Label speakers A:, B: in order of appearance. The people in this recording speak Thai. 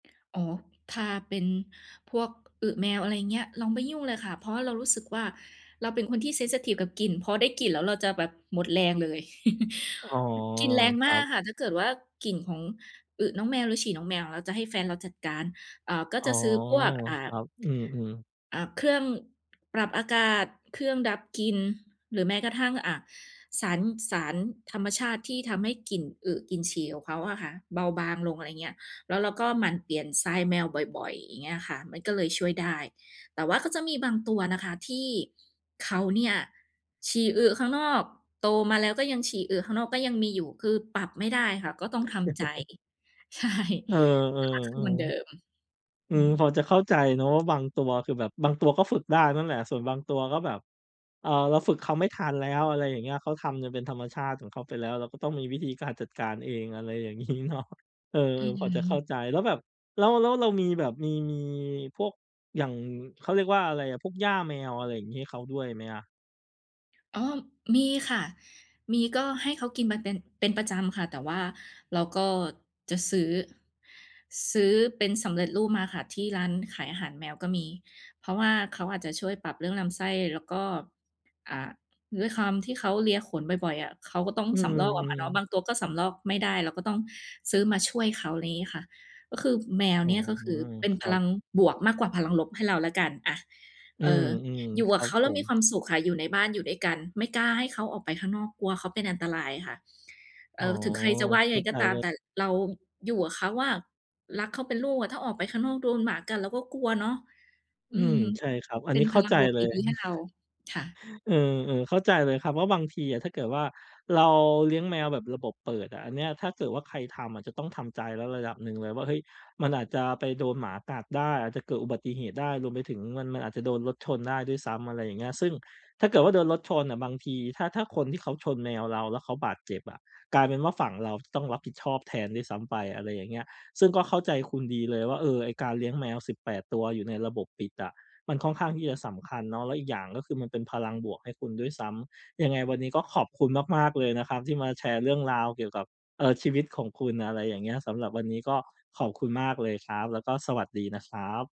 A: อ๋อ ถ้าเป็นพวกอึแมว อะไรอย่างเงี้ย เราไม่ยุ่งเลยค่ะ เพราะว่าเรารู้สึกว่า เราเป็นคนที่ เซนซิทิฟ กับกลิ่น พอได้กลิ่นแล้วเราจะแบบหมดแรงเลย
B: อ๋อ
A: อือ กลิ่นแรง
B: ค
A: ม
B: ร
A: า
B: ั
A: ก
B: บ
A: ค่ะ ถ้าเกิดว่า กลิ่นของอึน้องแมวหรือฉี่น้องแมวอะเราจะให้แฟนเราจัดการ อ่า ก็
B: อ๋
A: จ
B: อ
A: ะซื้อพวก อ่า
B: ครับ อืม ๆ
A: อ่า เครื่องปรับอากาศ เครื่องดับกลิ่น หรือแม้กระทั่ง อ่า สาร สารธรรมชาติที่ทำให้กลิ่นอึกลิ่นฉี่ของเขาอะค่ะเบาบางลง อะไรเงี้ย แล้วเราก็หมั่นเปลี่ยนทรายแมวบ่อย ๆ อย่างเงี้ยค่ะ มันก็เลยช่วยได้ แต่ว่าก็จะมีบางตัวนะคะที่เขาเนี่ยฉี่ อึ ข้างนอก โตมาแล้วก็ยังฉี่ อึ ข้างนอก ก็ยังมีอยู่ คือปรับไม่ได้ค่ะ ก็ต้องทำใจ ใช่
B: เออ
A: สักพักคือเหมือนเดิม
B: ๆ ๆ อื
A: อื
B: ม พ
A: ม
B: อจะเข้าใจเนาะ ว่า บางตัวคือแบบ บางตัวก็ฝึกได้นั่นแหละ ส่วนบางตัวก็แบบ เอ่อ เราฝึกเขาไม่ทันแล้ว อะไรอย่างเงี้ย เขาจนทำเป็นธรรมชาติของเขาไปแล้ว เราก็ต้องมีวิธีการจัดการเอง อะไรอย่าง งี้เนาะ เออ
A: อื
B: พอจะเข้า
A: ม
B: ใจ แล้วแบบแล้ว แล้วเรามีแบบมี มีพวก อย่าง เขาเรียกว่าอะไรอะ พวกหญ้าแมว อะไรอย่างงี้ ให้เขาด้วยไหมอะ?
A: อ๋อ มีค่ะ มี ก็ให้เขากินมาเป็น เป็นประจำค่ะ แต่ว่าเราก็จะซื้อ ซื้อเป็นสำเร็จรูปมาค่ะ ที่ร้านขายอาหารแมวก็มี เพราะว่าเขาอาจจะช่วยปรับเรื่องลำไส้ แล้วก็ อ่า ด้วยความที่เขาเลียขนบ่อย ๆ อะ เขาก็ต้อง
B: อื
A: สำรอกออกมาเนาะ บ
B: ม ๆ
A: างตัวก็สำรอกไม่ได้ เราก็ต้องซื้อมาช่วยเขา ไรงี้ค่ะ ก็คือ แมว
B: อ๋
A: เ
B: อ
A: นี่ยก็คือเป็น
B: ค
A: พ
B: รั
A: ลั
B: บ
A: งบวกมากกว่าพลังลบให้เราแล้วกัน อะ
B: อื
A: เอ
B: ม
A: อ อยู่
B: ๆ ค
A: กั
B: ร
A: บ
B: ั
A: เข
B: บ
A: าแล
B: ผ
A: ้วมีค
B: ม
A: วามสุขค่ะ อยู่ในบ้าน อยู่ด้วยกัน ไม่กล้าให้เขาออกไปข้างนอก กลัวเขาเป็นอันตรายค่ะ เอ
B: อ๋อ
A: อ ถึงใครจะว่ายั
B: เ
A: ง
B: ข
A: ไ
B: ้
A: ง
B: า
A: ก
B: ใ
A: ็
B: จ
A: ตา
B: เ
A: ม
B: ล
A: แ
B: ย
A: ต่เราอยู่กับเขาอะรักเขาเป็นลูกอะ ถ้าออกไปข้างนอกโดนหมากัด เราก็กลัวเนาะ อ
B: อ
A: ื
B: ืม
A: ม
B: ใช่ครับ อั
A: เป
B: น
A: ็
B: น
A: น
B: ี้เ
A: พ
B: ข้า
A: ลั
B: ใ
A: ง
B: จ
A: บวก
B: เล
A: ด
B: ย
A: ี ๆ ให้เรา ค่ะ
B: เออ ๆ เข้าใจเลยครับว่า บางทีอะ ถ้าเกิดว่า เราเลี้ยงแมวแบบระบบเปิดอะ อันเนี้ย ถ้าเกิดว่า ใครทำอะจะต้องทำใจแล้วระดับหนึ่งเลยว่า เฮ้ย มันอาจจะไปโดนหมากัดได้ อาจจะเกิดอุบัติเหตุได้ รวมไปถึงมัน มันอาจจะโดนรถชนได้ด้วยซ้ำ อะไรอย่างเงี้ย ซึ่งถ้าเกิดว่า โดนรถชนอะบางที ถ้า ถ้าคนที่เขาชนแมวเราแล้วเขาบาดเจ็บ อะ กลายเป็นว่า ฝั่งเราต้องรับผิดชอบแทนด้วยซ้ำไป อะไรอย่างเงี้ย ซึ่งก็เข้าใจคุณดีเลยว่า เออ ไอ้การเลี้ยงแมว 18 ตัวอยู่ในระบบปิดอะ มันค่อนข้างที่จะสำคัญเนาะ แล้วอีกอย่างก็คือมันเป็นพลังบวกให้คุณด้วยซ้ำ ยังไงวันนี้ก็ขอบคุณมาก ๆ เลยนะครับที่มาแชร์เรื่องราวเกี่ยวกับ เอ่อ ชีวิตของคุณ อะไรอย่างเงี้ย สำหรับวันนี้ก็ขอบคุณมากเลยครับ แล้วก็สวัสดีนะครับ